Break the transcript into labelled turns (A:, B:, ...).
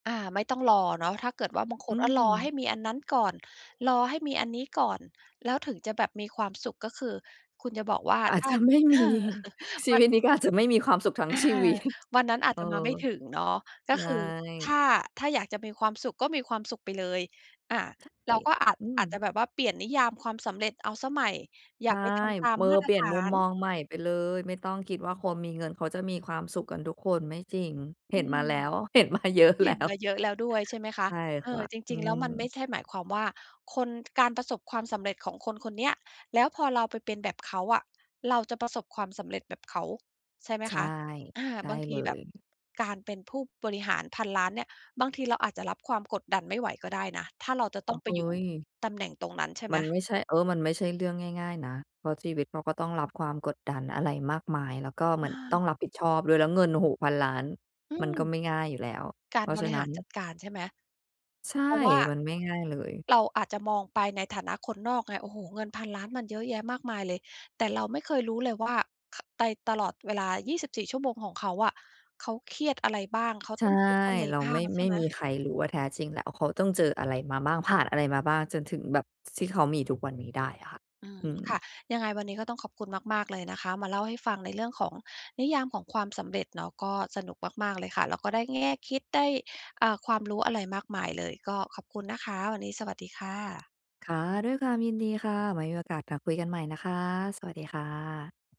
A: อา ไม่ต้องรอเนาะ ถ้าเกิดว่า บางค
B: อื
A: น อะ รอ
B: ม
A: ให้มีอันนั้น ก่อน รอให้มีอันนี้ก่อน แล้วถึงจะแบบมีความสุข ก็คือคุณจะบอกว่า
B: อา
A: ถ
B: จ
A: ้
B: จ
A: า
B: ะ ไม่
A: เอ
B: มี
A: อ
B: ชี
A: มั
B: ว
A: น
B: ิตนี้ ก็อาจจะไม่มีความสุขทั้ง
A: อา
B: ชีวิต
A: วันนั้นอา
B: เ
A: จ
B: ออ
A: จะมาไม่ถึงเนาะ ก
B: ใ
A: ็
B: ช
A: คือถ้
B: ่
A: า ถ้าอยากจะมีความสุขก็มีความสุขไปเลย อา
B: ใช่
A: เราก็อาจ
B: อื
A: อ
B: ม
A: าจจะแบบว่าเปลี่ยนนิยามความสำเร็จเอาเสียใหม่ อย
B: ใ
A: ่
B: ช
A: า
B: ่
A: ไปทำตาม
B: เมอ
A: มาต
B: เป
A: ร
B: ลี่
A: ฐ
B: ยน
A: า
B: มุม
A: น
B: มองใหม่ไปเลย ไม่ต้องคิดว่า คนมีเงินเขาจะมีความสุขกันทุกคน ไม่จริง
A: อ
B: เห็
A: ื
B: นมา
A: ม
B: แล้ว เห็น มาเยอะแ
A: เ
B: ล
A: ห
B: ้
A: ็น
B: ว
A: มาเยอะแล้วด้วย ใช่ไหมคะ?
B: ใช่
A: เอ
B: ค่ะ
A: อ จ
B: อื
A: ริง ๆ แล้วมัน
B: ม
A: ไม่ใช่หมายความว่า คน การประสบความสำเร็จของคนคนเนี้ย แล้วพอเราไปเป็นแบบเขาอะเราจะประสบความสำเร็จแบบเขา ใช่ไหม
B: ใช
A: ค
B: ่
A: ะ? อา
B: ใช่
A: บางท
B: เล
A: ีแบบ
B: ย
A: การเป็นผู้บริหาร 1,000,000,000 เนี่ย บางทีเราอาจจะรับความกดดันไม่ไหวก็ได้นะ ถ้าเราจะต
B: อ
A: ้
B: ้
A: อ
B: า
A: ง
B: ว
A: ไ
B: เ
A: ป
B: ฮ้
A: อยู่
B: ย
A: ตำแหน่งตรงนั้น ใช่ไ
B: ม
A: หม?
B: ันไม่ใช่ เออ มันไม่ใช่เรื่องง่าย ๆ นะ เพราะชีวิตเขาก็ต้องรับความกดดันอะไรมากมาย แล้วก็เหมื
A: อ
B: อนต้อง
A: า
B: รับผิดชอบด้วย แล้วเงิน โอ้โฮ 1,000,000,000
A: อ
B: มันก็
A: ืม
B: ไม่ง่ายอยู่แล้ว
A: ก
B: เ
A: า
B: พ
A: ร
B: ราะ
A: บ
B: ฉ
A: ร
B: ะ
A: ิ
B: นั
A: ห
B: ้
A: ารจ
B: น
A: ัดการ ใช่ไหม?
B: ใช่
A: เพราะว่า
B: มันไม่ง่ายเลย
A: เราอาจจะมองไปในฐานะคนนอกไง โอ้โฮ เงิน 1,000,000,000 มันเยอะแยะมากมายเลย แต่เราไม่เคยรู้เลยว่า ไป ตลอดเวลา 24 ชั่วโมงของเขาอะ เขาเครียดอะไรบ้าง? เขา
B: ใช
A: ต
B: ่
A: ้องคิดอะไร
B: เรา
A: บ้า
B: ไม
A: ง
B: ่
A: ใช
B: ไม
A: ่
B: ่
A: ไหม?
B: มีใครรู้ว่า แท้จริงแล้วเขาต้องเจออะไร มาบ้าง ผ่านอะไรมาบ้าง จนถึงแบบ ส ที่เขามี ทุกวันนี้ได้อะค่ะ
A: อืม
B: อืม
A: ค่ะ ยังไงวันนี้ก็ต้องขอบคุณมาก ๆ เลยนะคะ มาเล่าให้ฟังในเรื่องของ "นิยามของความสำเร็จ" เนาะ ก็สนุกมาก ๆ เลยค่ะ แล้วก็ได้แง่คิด ได้ อ่า ความรู้อะไรมากมายเลย ก็ขอบคุณนะคะ วันนี้ สวัสดีค่ะ
B: ค่ะ ด้วยความยินดีค่ะ ไว้มีโอกาสมาคุยกันใหม่นะคะ สวัสดี ค่ะ